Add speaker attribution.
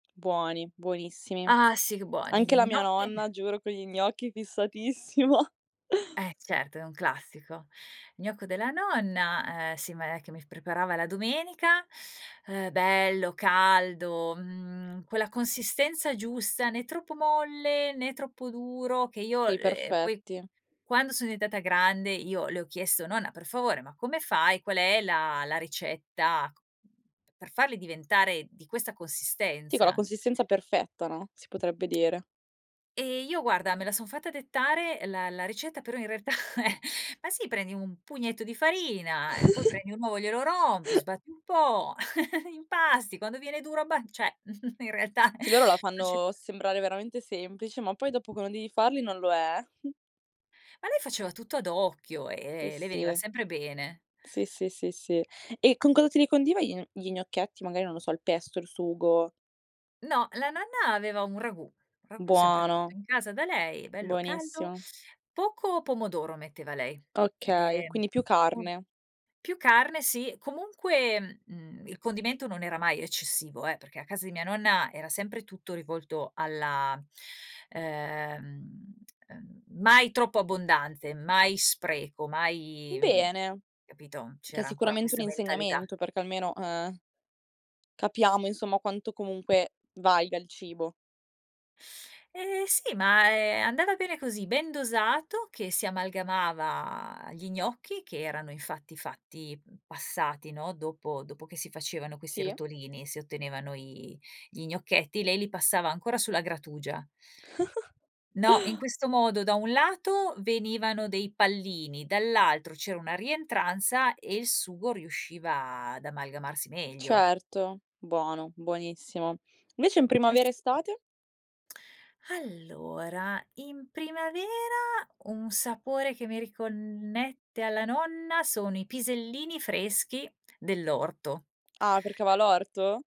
Speaker 1: Buoni, buonissimi.
Speaker 2: Ah sì che buoni,
Speaker 1: Anche
Speaker 2: gli
Speaker 1: la mia
Speaker 2: gnocchi
Speaker 1: nonna, giuro con gli gnocchi fissatissima.
Speaker 2: Eh certo è un classico. Gnocco della nonna, ehm, sì ma è che mi preparava la domenica, ehm, bello, caldo, mhmm, quella consistenza giusta, né troppo molle né troppo duro che io,
Speaker 1: Sì,
Speaker 2: ehm, poi
Speaker 1: perfetti.
Speaker 2: quando sono diventata grande io le ho chiesto: "Nonna per favore, ma come fai? Qual è la la ricetta c mhmm, per farli diventare di questa
Speaker 1: Sì, con la
Speaker 2: consistenza?"
Speaker 1: consistenza perfetta, no, si potrebbe dire.
Speaker 2: Ehm, io guarda me la son fatta dettare la la ricetta però in realtà eh, ma sì "Prendi un pugnetto di farina, ehm, poi prendi un uovo e glielo rompi, sbatti un po', impasti, quando viene duro abba" cioè, mhmm, in realtà
Speaker 1: Sì, loro la
Speaker 2: non ci
Speaker 1: fanno sembrare veramente semplice, ma poi dopo quando devi farli non lo è.
Speaker 2: Ma lei faceva tutto ad occhio,
Speaker 1: I,
Speaker 2: ehm, e le veniva
Speaker 1: sì.
Speaker 2: sempre bene.
Speaker 1: Sì, sì, sì, sì, sì. E con cosa te li condiva gli gn gli gnocchetti? Magari, non lo so, il pesto, il sugo?
Speaker 2: No, la nonna aveva un ragù, un ragù sempre
Speaker 1: Buono.
Speaker 2: fatto in casa da lei, bello caldo,
Speaker 1: Buonissimo.
Speaker 2: poco pomodoro metteva lei.
Speaker 1: Okay,
Speaker 2: Ehm,
Speaker 1: quindi più
Speaker 2: un
Speaker 1: carne.
Speaker 2: più carne. Sì. Comunque, mhmm, il condimento non era mai eccessivo eh, perché a casa di mia nonna era sempre tutto rivolto alla ehm, ehm, mai troppo abbondanze, mai spreco, mai mhmm,
Speaker 1: Bene,
Speaker 2: capito,
Speaker 1: è
Speaker 2: c'era ancora
Speaker 1: sicuramente un
Speaker 2: questa mentalità.
Speaker 1: insegnamento, perché almeno eh, capiamo insomma quanto comunque valga il cibo.
Speaker 2: Eh sì, ma è andata bene così, ben dosato che si amalgamava gli gnocchi che erano infatti fatti passati, no, dopo dopo che si facevano questi
Speaker 1: Sì.
Speaker 2: rotolini, si ottenevano i gli gnocchetti, lei li passava ancora sulla grattugia. No, in questo modo da un lato venivano dei pallini, dall'altro c'era una rientranza e il sugo riusciva ad amalgamarsi meglio.
Speaker 1: Certo, buono, buonissimo. Invece in
Speaker 2: Eh
Speaker 1: primavera
Speaker 2: sì.
Speaker 1: estate?
Speaker 2: Allora, in primavera un sapore che mi riconnette alla nonna sono i pisellini freschi dell'orto.
Speaker 1: Ah perché ava l'orto?